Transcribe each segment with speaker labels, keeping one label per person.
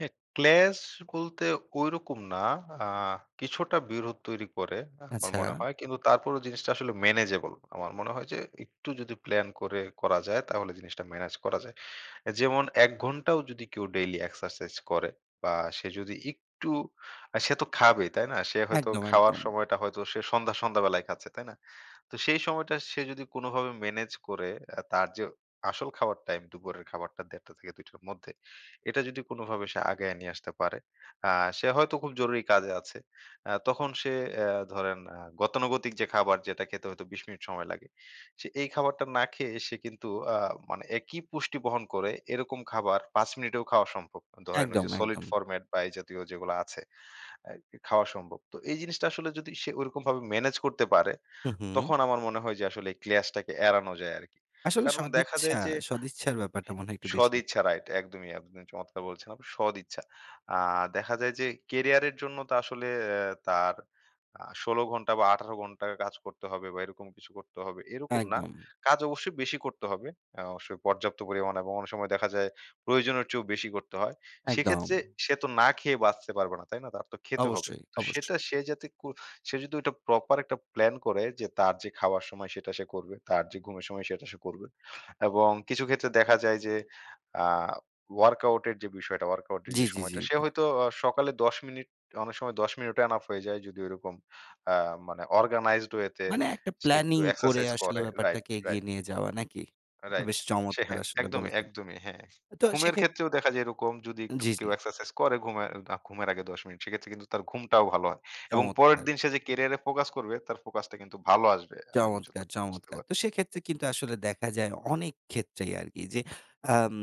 Speaker 1: হ্যাঁ। ক্লাশ বলতে ঐরকম না। আ কিছুটা বিরোধ তৈরি করে, আমার মনে
Speaker 2: আচ্ছা।
Speaker 1: হয়। কিন্তু তারপরেও জিনিসটা আসলে ম্যানেজেবল। আমার মনে হয় যে, একটু যদি প্লান করে করা যায়? তাহলে জিনিসটা মেনেজ করা যায়। যেমন ১ ঘন্টাও যদি কেউ ডেইলি এক্সারসাইজ করে বা সে যদি একটু আ সে তো খাবে, তাই না? সে হয়তো
Speaker 2: একদম,
Speaker 1: খাওয়ার
Speaker 2: একদম।
Speaker 1: সময়টা হয়তো সে সন্ধ্যা, সন্ধ্যা বেলায় খাচ্ছে। তাই না? তো সেই সময়টা সে যদি কোনভাবে মেনেজ করে, আ তার যে, আসল খাবার টাইম, দুপুরের খাবারটা ১ঃ৩০ টা থেকে 2 টার মধ্যে। এটা যদি কোনভাবে সে আগায় নিয়ে আসতে পারে, আ সে হয়তো খুব জরুরি কাজে আছে। আ তখন সে আ ধরেন আ গতানুগতিক যে, খাবার যেটা খেতে হয়তো, ২০ মিনিট সময় লাগে। সে এই খাবারটা না খেয়ে সে কিন্তু, আ মানে একই পুষ্টি বহন করে, এরকম খাবার ৫ মিনিটেও খাওয়া সম্ভব। ধরেন ঐ
Speaker 2: একদম,
Speaker 1: যে, সলিড
Speaker 2: একদম।
Speaker 1: ফরমেট বা এই জাতীয় যেগুলো আছে, আ খাওয়া সম্ভব। তো এই জিনিসটা আসলে যদি সে ওইরকম মেনেজ করতে পারে,
Speaker 2: হু, হুম।
Speaker 1: তখন আমার মনে হয় যে, আসলে ক্লাশ টাকে এড়ানো যায় আরকি।
Speaker 2: আসলে
Speaker 1: কারণ দেখা
Speaker 2: সদিচ্ছা
Speaker 1: যায় যে
Speaker 2: সদিচ্ছার ব্যাপারটা
Speaker 1: হ্যাঁ।
Speaker 2: মনে হয় একটু বেশি?
Speaker 1: সদিচ্ছা রাইট। একদমই আপনি চমৎকার বলেছেন সদিচ্ছা। আ দেখা যায় যে, ক্যারিয়ার এর জন্য তো আসলে আ তার আ ১৬ ঘন্টা বা ১৮ ঘন্টা কাজ করতে হবে, বা এরকম কিছু করতে হবে। এরকম না।
Speaker 2: একদম।
Speaker 1: কাজ অবশ্যই বেশি করতে হবে। অবশ্যই পর্যাপ্ত পরিমাণ এবং অনেক সময় দেখা যায়, প্রয়োজনের চেয়েও বেশি করতে হয়।
Speaker 2: একদম।
Speaker 1: সেক্ষেত্রে সে তো না খেয়ে বাঁচতে পারবে না। তাই না? তার তো খেতে হবে।
Speaker 2: অবশ্যই,
Speaker 1: তো
Speaker 2: অবশ্য।
Speaker 1: সেটা সে যাতে ক সে যদি ঐটা প্রপার একটা প্লান করে, যে, তার যে, খাওয়ার সময়, সেটা সে করবে। তার যে, ঘুমের সময়, সেটা সে করবে। এবং কিছু ক্ষেত্রে দেখা যায় যে, আ ওয়ার্কআউট এর যে, বিষয়টা, ওয়ার্কআউট এর
Speaker 2: জ্বী,
Speaker 1: যে,
Speaker 2: জ্বী,
Speaker 1: সময়টা,
Speaker 2: জ্বী,
Speaker 1: সে
Speaker 2: জ্বী।
Speaker 1: হয়তো অ সকালে ১০ মিনিট অনেক সময় ১০ মিনিটও এনাফ হয়ে যায়, যদি ওরকম আ মানে অর্গানাইজড ওয়ে তে
Speaker 2: মানে একটা
Speaker 1: সে একটু
Speaker 2: প্ল্যানিং করে
Speaker 1: এক্সারসাইজ
Speaker 2: আসলে
Speaker 1: করে রাইট,
Speaker 2: ব্যাপারটাকে এগিয়ে
Speaker 1: রাইট
Speaker 2: নিয়ে যাওয়া। নাকি? এটা
Speaker 1: রাইট।
Speaker 2: বেশ
Speaker 1: সে
Speaker 2: চমৎকার
Speaker 1: হ্যাঁ,
Speaker 2: আসলে
Speaker 1: একদমই,
Speaker 2: বলেছেন।
Speaker 1: একদমই। হ্যাঁ।
Speaker 2: আ তো
Speaker 1: ঘুমের
Speaker 2: সেক্ষে
Speaker 1: ক্ষেত্রেও দেখা যায়, এরকম যদি একটু
Speaker 2: জ্বী,
Speaker 1: কেউ
Speaker 2: জ্বী।
Speaker 1: এক্সারসাইজ করে, ঘুমে আ ঘুমের আগে ১০ মিনিট, সেক্ষেত্রে কিন্তু তার ঘুমটাও ভালো হয়। এবং পরের
Speaker 2: চমৎকার!
Speaker 1: দিন সে যে, ক্যারিয়ার এ ফোকাস করবে, তার ফোকাসটা কিন্তু ভালো আসবে। আমি
Speaker 2: চমৎকার,
Speaker 1: যতটুকু বুঝতে
Speaker 2: চমৎকার!
Speaker 1: পারি
Speaker 2: তো সেক্ষেত্রে কিন্তু আসলে দেখা যায় অনেক ক্ষেত্রেই আরকি যে, আম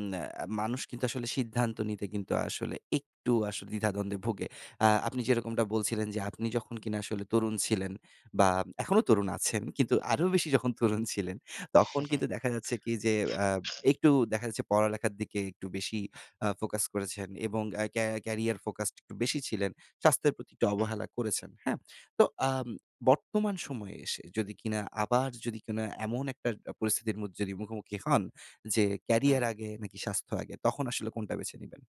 Speaker 2: আ মানুষ কিন্তু আসলে সিদ্ধান্ত নিতে কিন্তু আসলে একটু আসলে দ্বিধাদ্বন্দ্বে ভোগে। আ আপনি যেরকমটা বলছিলেন যে, আপনি যখন কিনা আসলে তরুণ ছিলেন বা এখনো তরুণ আছেন, কিন্তু আরো বেশি যখন তরুণ ছিলেন,
Speaker 1: হু,
Speaker 2: তখন
Speaker 1: হুম।
Speaker 2: কিন্তু দেখা যাচ্ছে কি? যে, আ একটু দেখা যাচ্ছে আ পড়ালেখার দিকে একটু বেশি আ ফোকাস করেছেন, এবং আ ক্যা ক্যারিয়ার ফোকাসড একটু বেশি ছিলেন। স্বাস্থ্যের প্রতি একটু
Speaker 1: হুম।
Speaker 2: অবহেলা করেছেন। হ্যাঁ? তো আম বর্তমান সময়ে এসে যদি কিনা, আবার যদি কিনা এমন একটা পরিস্থিতির মধ্যে মুখোমুখি হন যে, ক্যারিয়ার
Speaker 1: হুম।
Speaker 2: আগে, নাকি স্বাস্থ্য আগে? তখন আসলে কোনটা বেছে নিবেন?